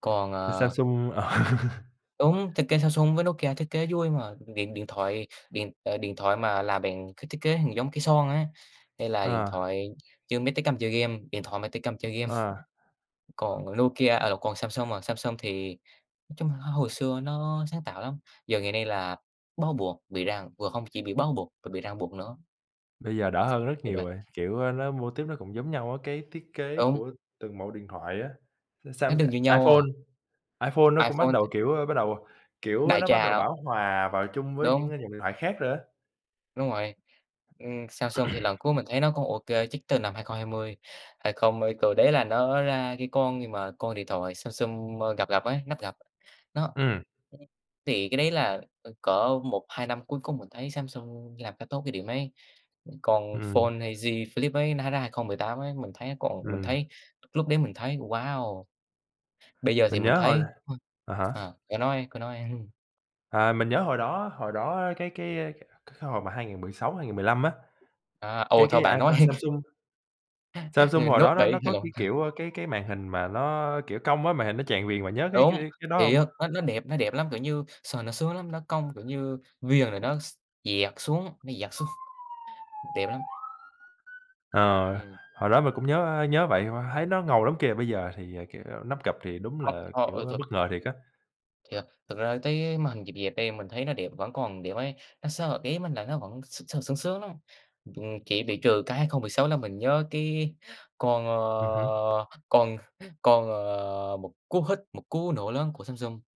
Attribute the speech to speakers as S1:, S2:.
S1: Còn
S2: Thì
S1: à
S2: Samsung, ờ.
S1: Đúng, thiết kế Samsung với Nokia thiết kế vui mà, điện điện thoại điện, à, điện thoại mà làm bằng cái thiết kế nhìn giống cây son á, hay là điện
S2: À.
S1: thoại như mấy tay cầm chơi game điện thoại mà tay cầm chơi game.
S2: Ờ.
S1: Còn Nokia à, lộn còn Samsung à, Samsung thì nói chung hồi xưa nó sáng tạo lắm, giờ ngày nay là bó buộc bị ràng không chỉ bị bó buộc, bị ràng buộc nữa.
S2: Bây giờ đỡ hơn rất
S1: Tuyệt
S2: nhiều
S1: vời.
S2: rồi, kiểu, nó mô típ nó cũng giống nhau á, cái thiết kế
S1: Đúng.
S2: của từng mẫu điện thoại á. Ờ,
S1: Nó
S2: Sam
S1: đừng như nhau
S2: iPhone
S1: à.
S2: iPhone nó cũng bắt
S1: iPhone.
S2: đầu, kiểu bắt đầu, kiểu,
S1: Đại
S2: nó bắt đầu
S1: trà.
S2: bão hòa vào chung với những
S1: Đúng.
S2: dòng điện thoại khác rồi á.
S1: Đúng rồi. Ừm, Samsung thì lần cuối mình thấy nó cũng ô kê, chắc từ năm 2020, 20, ờ từ đấy là nó ra cái con gì mà con điện thoại Samsung gập gập ấy, nắp gập. Nó
S2: Ừm.
S1: [unintelligible] Thì cái đấy là, ơ, cỡ 1, 2 năm cuối cùng mình thấy Samsung làm khá tốt cái điểm ấy. Còn
S2: Ừm.
S1: Fold Z Flip ấy nó ra 2018 ấy, mình thấy còn mình
S2: Ừm.
S1: thấy lúc đấy mình thấy "wow!" Bây giờ thì
S2: Mình
S1: mình
S2: nhớ hồi
S1: thấy, ơ,
S2: à hả?
S1: ờ cứ nói, cứ nói.
S2: À! Mình nhớ hồi đó hồi đó cái cái, ơ, c cái hồi mà 2016, 2015 á,
S1: À, ôi,
S2: cái
S1: thôi
S2: cái
S1: bạn nói
S2: iPhone
S1: đi.
S2: Samsung Samsung
S1: Ừ,
S2: hồi
S1: Note
S2: đó nó
S1: 7,
S2: nó
S1: hay
S2: có
S1: lộn
S2: cái,
S1: ha.
S2: kiểu, cái cái màn hình mà nó kiểu cong á, màn hình nó tràn viền, bạn nhớ cái
S1: Đúng,
S2: cái đ cái đó
S1: thì
S2: hông?
S1: á, nó nó đẹp nó đẹp lắm, kiểu như, sờ nó sướng lắm, nó cong, kiểu như viền rồi nó x dẹt xuống, nó dẹt xuống, đẹp lắm!
S2: Ờ,
S1: Ừm.
S2: hồi đó mình cũng nhớ nhớ vậy, thấy nó ngầu lắm kìa, bây giờ thì, kiểu, nắp gập thì đúng
S1: Không,
S2: là,
S1: họ,
S2: kiểu,
S1: ơ, thực
S2: bất ngờ thiệt á.
S1: Thiệt, thực ra thấy màn hình dẹp dẹp đây mình thấy nó đẹp, vẫn còn đẹp ấy, nó sờ ý mình là nó vẫn sờ sướng sướng lắm, ừm, chỉ bị trừ cái 2016 là mình nhớ cái con,
S2: Ừm hứm.
S1: ờ, con con, ờ, một cú hích, một cú nổ lớn của Samsung.